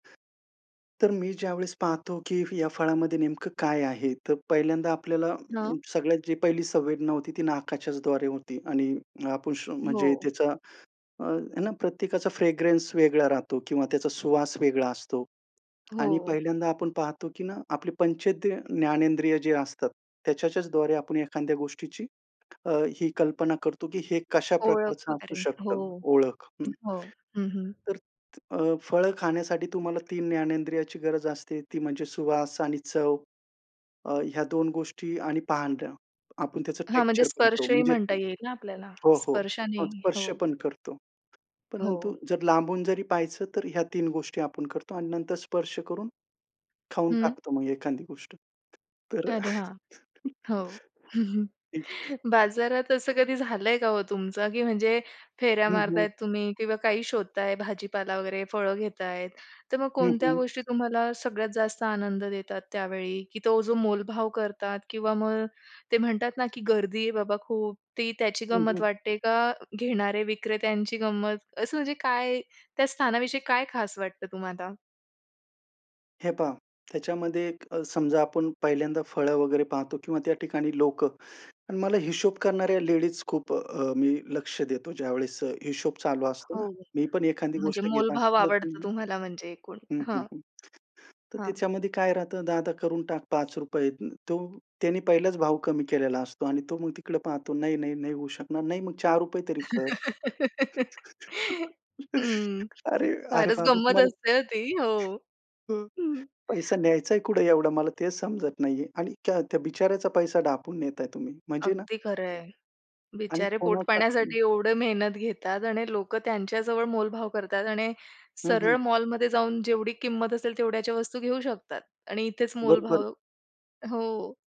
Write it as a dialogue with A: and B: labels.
A: तर मी ज्यावेळेस पाहतो, की या फळामध्ये नेमकं काय आहे. तर पहिल्यांदा आपल्याला अं,
B: हां.
A: सगळ्यात जी पहिली संवेदना होती, ती नाकाच्याचद्वारे होती आणि आपण श्व म्हणजे
B: हो.
A: त्याचा अ, हे ना, प्रत्येकाचा फ्रॅग्रन्स वेगळा राहतो किंवा त्याचा सुवास वेगळा असतो. आणि
B: हो.
A: पहिल्यांदा आपण पाहतो की ना, आपले पंचेंद्रिय ज्ञानेंद्रिय जी असतात, त्याच्याच्याचद्वारे आपण एखाद्या गोष्टीची अ, ही कल्पना करतो, की हे कशा
B: ओळख
A: प्रकारचं असू
B: वगैरे. हो,
A: शकतं, ओळख. हं.
B: हो, हं, हं.
A: तर अ, फळ खाण्यासाठी तुम्हाला 3 ज्ञानेंद्रियाची गरज असते, ती म्हणजे सुवास आणि चव अ, ह्या 2 गोष्टी आणि पाहणं. आपण त्याचं
B: हां, म्हणजे
A: टेक्स्चर पाहतो.
B: स्पर्शही
A: म्हणजे
B: म्हणता येईल ना, आपल्याला.
A: हो, हो,
B: स्पर्शाने,
A: मग स्पर्श
B: हो.
A: पण करतो. परंतु
B: हो.
A: जर लांबून जरी पाहायचं, तर ह्या 3 गोष्टी आपण करतो अन् नंतर स्पर्श करून खाऊन
B: हं.
A: टाकतो मग एखादी गोष्ट. तर
B: अरे हां,
A: अ
B: हो.
A: [unintelligible]
B: बाजारात असं कधी झालं आहे का हो तुमचं, की म्हणजे फेऱ्या
A: हं, हं.
B: मारताहेत तुम्ही किंवा काही शोधता आहे भाजीपाला वगैरे, फळं घेता आहे. तर मग
A: हं,
B: कोणत्या
A: हं.
B: गोष्टी तुम्हाला सगळ्यात जास्त आनंद देतात त्यावेळी, की तो जो मोलभाव करतात किंवा मग ते म्हणतात ना, की गर्दी आहे बाबा खूप. ती त्याची
A: हं,
B: गंमत
A: हं.
B: वाटते? का घेणारे विक्रेत्यांची गंमत असं, म्हणजे काय त्या स्थानाविषयी काय खास वाटतं तुम्हाला?
A: हे पहा, त्याच्यामध्ये एक अ, समजा आपण पहिल्यांदा फळं वगैरे पाहतो किंवा त्या ठिकाणी लोकं अन् मला हिशोब करणाऱ्या लेडीज खूप अ, अ, मी लक्ष देतो, ज्यावेळेस अ, हिशोब चालू असतो ना,
B: हो.
A: मी पण एखादी
B: म्हणजे
A: गोष्ट घेत
B: मोलभाव
A: असला
B: आवडतं
A: [unintelligible]
B: तुम्हाला म्हणजे एकूण.
A: हं, हं,
B: हां.
A: हं. तर
B: हां.
A: त्याच्यामध्ये काय राहतं, "दादा, करून टाक ₹5. तो त्याने पहिलाच भाव कमी केलेला असतो अन् तो मग तिकडे पाहतो, "नाही, नाही, नाही, होऊ शकणार." "नाही, मग ₹4 तरी कर.
B: हं,
A: अरे अरे,
B: फारच
A: बाबा
B: गंमत
A: तुम्हाला
B: असते अ, ती, हो, हं.
A: पैसा न्यायचाय कुठं एवढा मला ते समजत नाही आहे आणि त्या त्या बिचाऱ्याचा पैसा ढापून नेता आहे तुम्ही, म्हणजे ना
B: अगदी खरं आहे.
A: आणि
B: बिचारे
A: कोणाचा हं.
B: पोटपाण्यासाठी एवढं मेहनत घेतात आणि लोकं त्यांच्या जवळ मोलभाव करतात आणि
A: हं, हं.
B: सरळ मॉलमध्ये जाऊन जेवढी किंमत असेल, तेवढ्याच्या वस्तू घेऊ शकतात आणि इथेच
A: बरोबर.
B: मोलभाव हो.